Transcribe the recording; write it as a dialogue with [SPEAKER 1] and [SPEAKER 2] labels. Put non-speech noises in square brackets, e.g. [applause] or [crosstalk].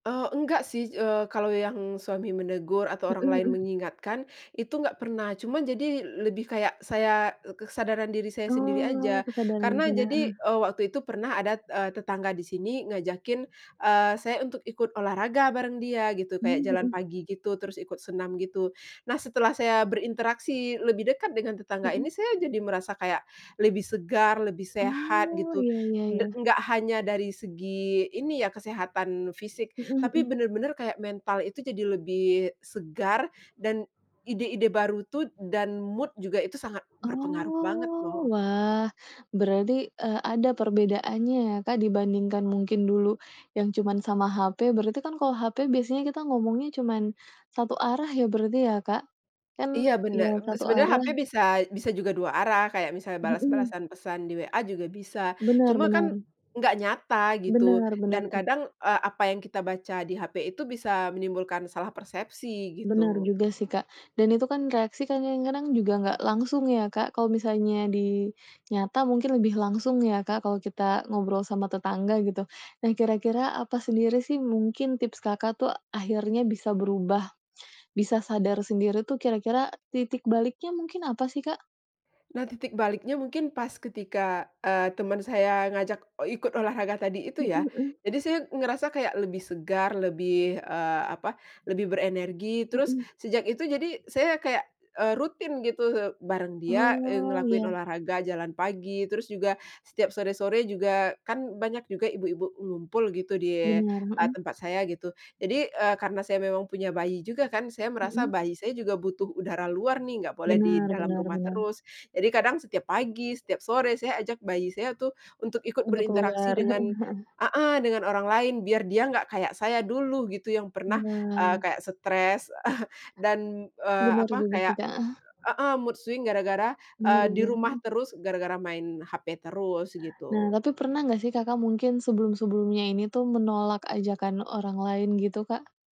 [SPEAKER 1] Eee, enggak sih, eee, kalau yang suami menegur atau orang
[SPEAKER 2] Mhm,
[SPEAKER 1] lain
[SPEAKER 2] mhm.
[SPEAKER 1] mengingatkan itu enggak pernah, cuma jadi l-lebih kayak saya, e k kesadaran diri saya sendiri aja,
[SPEAKER 2] Oh, kesadarannya.
[SPEAKER 1] karena jadi,
[SPEAKER 2] Eh.
[SPEAKER 1] eee, waktu itu pernah ada, eee, tetangga di sini ngajakin, eee, saya untuk ikut olahraga bareng dia gitu, kayak
[SPEAKER 2] Mmm,
[SPEAKER 1] jalan
[SPEAKER 2] mhm.
[SPEAKER 1] pagi, gitu, terus ikut senam, gitu. Nah, setelah saya berinteraksi lebih dekat dengan tetangga ini,
[SPEAKER 2] Mhm.
[SPEAKER 1] saya jadi merasa kayak lebih segar, lebih sehat,
[SPEAKER 2] Oh,
[SPEAKER 1] gitu.
[SPEAKER 2] ya ya
[SPEAKER 1] Da
[SPEAKER 2] ya.
[SPEAKER 1] nggak hanya dari segi ini ya, kesehatan fisik,
[SPEAKER 2] Mhm
[SPEAKER 1] tapi
[SPEAKER 2] mhm.
[SPEAKER 1] bener-bener kayak mental itu jadi lebih segar dan ide-ide baru tuh dan mood juga itu sangat berpengaruh banget,
[SPEAKER 2] Oh,
[SPEAKER 1] loh.
[SPEAKER 2] wah. Berarti, eee, ada perbedaannya ya, Kak, dibandingkan mungkin dulu yang cuman sama HP, berarti kan kalau HP biasanya kita ngomongnya cuman satu arah ya. berarti ya, Kak, kan,
[SPEAKER 1] Iya
[SPEAKER 2] iya,
[SPEAKER 1] bener, be
[SPEAKER 2] satu
[SPEAKER 1] sebenernya
[SPEAKER 2] arah.
[SPEAKER 1] HP bisa, bisa juga 2 arah, kayak misalnya
[SPEAKER 2] Mhm.
[SPEAKER 1] balas-balasan pesan di WA juga bisa,
[SPEAKER 2] Benar
[SPEAKER 1] cuma kan
[SPEAKER 2] benar.
[SPEAKER 1] nggak nyata, gitu,
[SPEAKER 2] Benar, benar.
[SPEAKER 1] dan kadang, eee, apa yang kita baca di HP itu bisa menimbulkan salah persepsi,
[SPEAKER 2] Bener
[SPEAKER 1] gitu.
[SPEAKER 2] juga sih, Kak, dan itu kan reaksi kan kadang-kadang juga nggak langsung ya, Kak. Kalau misalnya di nyata mungkin lebih langsung ya, Kak, kalau kita ngobrol sama tetangga, gitu. Nah, kira-kira apa sendiri sih mungkin tips Kakak tuh akhirnya bisa berubah, bisa sadar sendiri tuh kira-kira titik baliknya mungkin apa sih, Kak?
[SPEAKER 1] Nah, titik baliknya mungkin pas ketika, eee, teman saya mengajak, eee, ikut olahraga tadi itu
[SPEAKER 2] Mhm
[SPEAKER 1] ya,
[SPEAKER 2] mhm.
[SPEAKER 1] jadi saya ngerasa kayak lebih segar, lebih, eee, apa, lebih berenergi, terus
[SPEAKER 2] Mhm.
[SPEAKER 1] sejak itu jadi saya kayak, eee, rutin gitu bareng dia, eee,
[SPEAKER 2] Oh,
[SPEAKER 1] ngelakuin
[SPEAKER 2] ya.
[SPEAKER 1] olahraga jalan pagi, terus juga setiap sore-sore juga kan banyak juga ibu-ibu ngumpul gitu di
[SPEAKER 2] Benar
[SPEAKER 1] a
[SPEAKER 2] mhm.
[SPEAKER 1] tempat saya gitu, jadi, eee, karena saya memang punya bayi juga kan, saya merasa
[SPEAKER 2] Mhm.
[SPEAKER 1] bayi saya juga butuh udara luar nih, nggak boleh di
[SPEAKER 2] Bener
[SPEAKER 1] dalam
[SPEAKER 2] bener
[SPEAKER 1] rumah
[SPEAKER 2] benar.
[SPEAKER 1] terus, jadi kadang setiap pagi setiap sore saya ajak bayi saya itu untuk ikut
[SPEAKER 2] Untuk
[SPEAKER 1] berinteraksi
[SPEAKER 2] keluar, heeh
[SPEAKER 1] dengan
[SPEAKER 2] heeh.
[SPEAKER 1] heeh, dengan orang lain biar dia nggak kayak saya dulu, gitu, yang pernah, eee,
[SPEAKER 2] Benar.
[SPEAKER 1] kayak stres [chuckles] dan, eee,
[SPEAKER 2] Bener
[SPEAKER 1] apa,
[SPEAKER 2] juga sih,
[SPEAKER 1] kayak
[SPEAKER 2] Kak, heeh.
[SPEAKER 1] e heeh, mood swing gara-gara, eee,
[SPEAKER 2] Mari
[SPEAKER 1] di
[SPEAKER 2] dan
[SPEAKER 1] rumah
[SPEAKER 2] heeh.
[SPEAKER 1] terus, gara-gara main HP terus,
[SPEAKER 2] Nah,
[SPEAKER 1] gitu.
[SPEAKER 2] tapi pernah nggak sih Kakak mungkin sebelum-sebelumnya ini tuh menolak ajakan orang lain gitu, Kak?